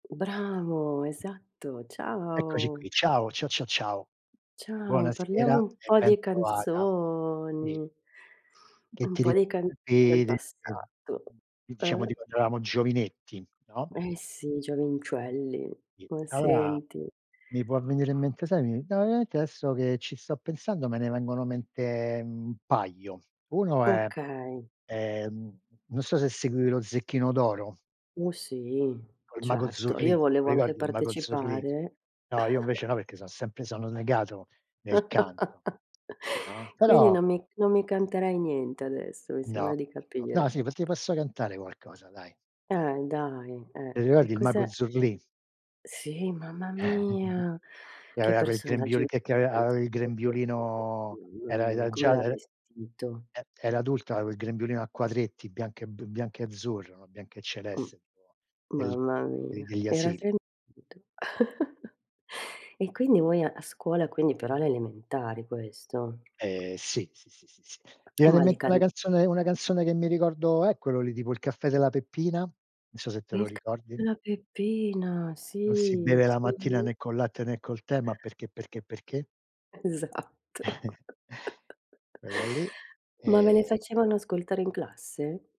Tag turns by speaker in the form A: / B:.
A: Bravo, esatto.
B: Eccoci
A: Ciao.
B: qui, ciao. Ciao ciao ciao.
A: Ciao, parliamo
B: Buonasera
A: un
B: e
A: po'
B: ben
A: di
B: trovata. Sì.
A: canzoni
B: Che
A: un
B: ti
A: po' di canzoni del
B: ricordi
A: passato.
B: [unintelligible] diciamo
A: Uhm.
B: di quando eravamo giovinetti, no?
A: Eh sì, giovincelli, ma
B: [unintelligible]
A: senti.
B: mi può venire in mente sai mi no, veramente adesso che ci sto pensando me ne vengono in mente, mhmm, un paio. Uno è
A: Okay.
B: è, mhmm, non so se seguivi lo Zecchino d'Oro.
A: Oh sì,
B: Con il Mago
A: certo.
B: Zurlì,
A: Io
B: te lo
A: volevo anche
B: ricordi il Mago Zurlì?
A: partecipare.
B: No, io invece no, perché son sempre sono negato nel canto. No,
A: Quindi
B: però
A: non mi non mi canterai niente adesso, mi
B: No.
A: sembra di
B: No. No,
A: capire.
B: sì, perché posso cantare qualcosa, dai.
A: Eh, e dai,
B: Ti
A: eh.
B: ricordi
A: E
B: il mago
A: cos'è
B: Zurlì?
A: Sì, mamma mia!
B: Che
A: Che
B: aveva quel
A: personaggio
B: grembiuli che che ave aveva
A: importante
B: il
A: [unintelligible] sorriso,
B: grembiulino,
A: mamma
B: era
A: mia,
B: era già
A: com'era
B: el e
A: vestito.
B: era adulta, aveva il grembiulino a quadretti, bianco e b bianco e azzurro, no, bianco e
A: Mh.
B: celeste. del
A: Mamma
B: de
A: mia,
B: degli
A: era
B: asili.
A: se [unintelligible] e quindi voi a scuola, quindi però alle elementari questo.
B: Eh sì, sì, sì, sì, sì. Mi
A: Eh,
B: viene
A: ma
B: in
A: le
B: mente
A: can
B: una canzone una canzone che mi ricordo è quello lì, tipo Il caffè della Peppina, non so se te lo
A: Il caffè
B: ricordi.
A: della Peppina,
B: Non si
A: sì,
B: beve la mattina
A: sì.
B: né col latte né col tè, ma perché, perché, perché?
A: Esatto.
B: Quello lì,
A: Ma ve le
B: ehm
A: facevano ascoltare in classe?